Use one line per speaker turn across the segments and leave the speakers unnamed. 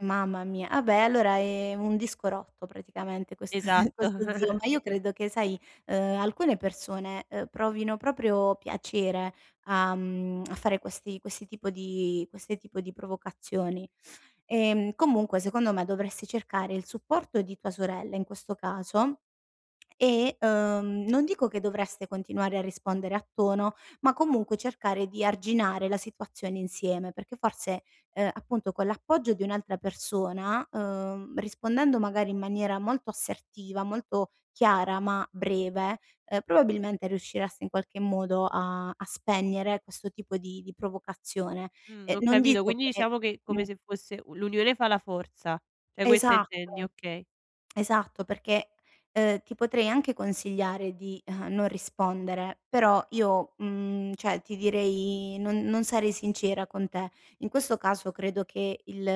Mamma mia, ah, beh, allora, ehm, un disco rotto praticamente, questo te
Esatto.
questo zio, ma io credo che sai, uhm, alcune persone, uhm, provino proprio piacere a, mhmm, a fare questi questi tipo di queste tipo di provocazioni. E, mhmm, comunque secondo me dovresti cercare il supporto di tua sorella in questo caso, e, uhm, non dico che dovreste continuare a rispondere a tono, ma comunque cercare di arginare la situazione insieme, perché forse, uhm, appunto con l'appoggio di un'altra persona, uhm, rispondendo magari in maniera molto assertiva, molto chiara ma breve, uhm, probabilmente riuscireste in qualche modo a a spegnere questo tipo di di provocazione.
Mh,
E
ho
non
capito,
dico
quindi
che
diciamo che come se fosse u l'unione fa la forza, cioè questo intendi,
Esatto,
okay.
esatto perché, uhm, ti potrei anche consigliare di, uhm, non rispondere, però io, mhmm, cioè ti direi non non sarei sincera con te. In questo caso credo che il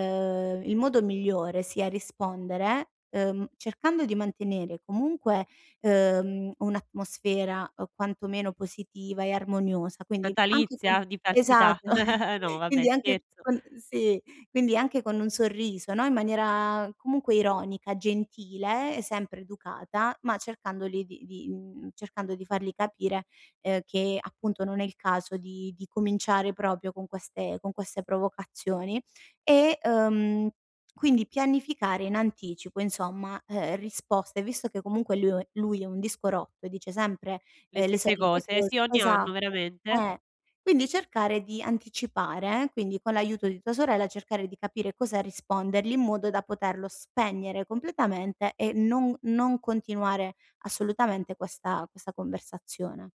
il modo migliore sia rispondere, uhm, cercando di mantenere comunque, uhm, un'atmosfera, uhm, quantomeno positiva e armoniosa, quindi anche con
Natalizia? Di falsità?
esatto,
No vabbè,
quindi anche
scherzo.
con sì, quindi anche con un sorriso, no, in maniera comunque ironica, gentile, e sempre educata, ma cercandoli di di, mhmm, cercando di fargli capire, uhm, che appunto non è il caso di di cominciare proprio con queste con queste provocazioni e, ehm, quindi pianificare in anticipo insomma, uhm, risposte, visto che comunque liu lui è un disco rotto e dice sempre,
Le
uhm, le
stesse
solite
cose,
cose
sì ogni anno,
esatto,
veramente.
eh. Quindi cercare di anticipare eh, quindi con l'aiuto di tua sorella cercare di capire cosa rispondergli in modo da poterlo spegnere completamente e non non continuare assolutamente questa questa conversazione.